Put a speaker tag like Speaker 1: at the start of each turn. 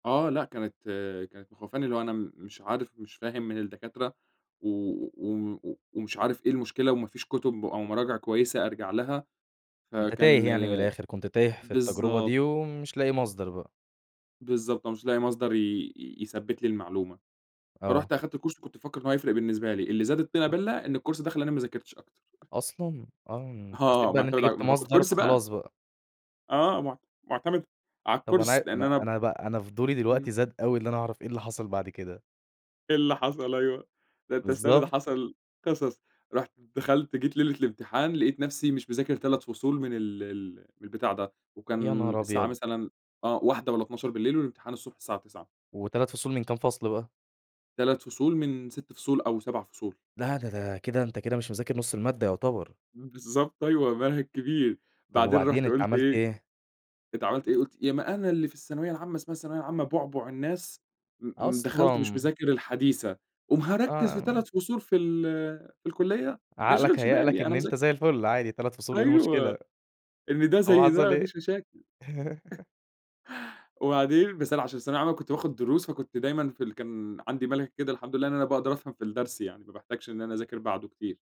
Speaker 1: آه لأ، كانت كانت مخوّفاني، اللي هو أنا مش عارف مش فاهم من الدكاترة، و و ومش عارف إيه المشكلة، وما فيش كتب أو مراجع كويسة أرجع لها،
Speaker 2: أنت
Speaker 1: فكان
Speaker 2: تايه يعني من الآخر، كنت تايه في التجربة
Speaker 1: بالضبط.
Speaker 2: دي ومش لاقي مصدر بقى.
Speaker 1: بالضبط، أنا مش لاقي مصدر ي ي يثبّت لي المعلومة،
Speaker 2: آه.
Speaker 1: فرُحت أخدت كورس كنت مفكّر إن هو هيفرق بالنسبة لي، اللي زاد الطينة بَلّة إن الكورس ده خلّاني ما ذاكرتش أكتر.
Speaker 2: أصلًا؟ آه، حسّيت
Speaker 1: آه
Speaker 2: بقى إن أنت
Speaker 1: معتمد على ما
Speaker 2: جِبت
Speaker 1: أنا باخد
Speaker 2: مصدر
Speaker 1: كورس بقى!
Speaker 2: فخلاص بقى.
Speaker 1: آه مع معتمد على
Speaker 2: طب أنا عا
Speaker 1: الكورس، لأن
Speaker 2: أنا
Speaker 1: أنا ب
Speaker 2: أنا بقى أنا فضولي
Speaker 1: امم.
Speaker 2: دلوقتي زاد اوي اللي أنا أعرف إيه اللي حصل بعد كده؟
Speaker 1: إيه اللي حصل؟ أيوه، ده أنت استنى ده
Speaker 2: بالضبط.
Speaker 1: حصل قصص، رُحت دخلت جيت ليلة الامتحان لقيت نَفسي مش مذاكر 3 فصول من ال ال من البتاع ده،
Speaker 2: يا
Speaker 1: وكان
Speaker 2: نهار
Speaker 1: الساعة
Speaker 2: أبيض!
Speaker 1: مثلًا آه 01:00 والّا 00:00 والامتحان الصبح الساعة 09:00.
Speaker 2: و3 فصول من كام فصل بقى؟
Speaker 1: 3 فصول من 6 فصول أو 7 فصول.
Speaker 2: لا ده ده كده أنت كده مش مذاكرنُص المادة يعتبر.
Speaker 1: بالضبط أيوه، منهج كبير،
Speaker 2: طب
Speaker 1: بعدين
Speaker 2: وبعدين
Speaker 1: رُحت
Speaker 2: أنت
Speaker 1: قلت
Speaker 2: عملت
Speaker 1: إيه،
Speaker 2: إيه؟
Speaker 1: أنت عملت إيه؟ قُلت يا ما أنا اللي في الثانوية العامة اسمها الثانوية العامة بُعبع الناس، م م دخلت مش
Speaker 2: أصلًا!
Speaker 1: مذاكر الحديثة، قوم هاركّز في
Speaker 2: آه.
Speaker 1: 3 فصول في ال في الكلية! ما
Speaker 2: عقلك
Speaker 1: يشغلش
Speaker 2: هيأ لك
Speaker 1: بالي، أنا
Speaker 2: إن
Speaker 1: مذا
Speaker 2: أنت زي الفل، عادي 3 فصول إيه المشكلة؟
Speaker 1: أيوه، إن ده
Speaker 2: طب
Speaker 1: زي ده،
Speaker 2: حصل
Speaker 1: ما
Speaker 2: إيه؟
Speaker 1: فيش مشاكل، وبعدين بس أنا عشان في الثانوية العامّة كنت باخد دروس، فكنت دايمًا في ال كان عندي مَلَكَة كده الحمد لله إن أنا باقدر أفهم في الدرس يعني، ما باحتاجش إن أنا أذاكر بعده كتير.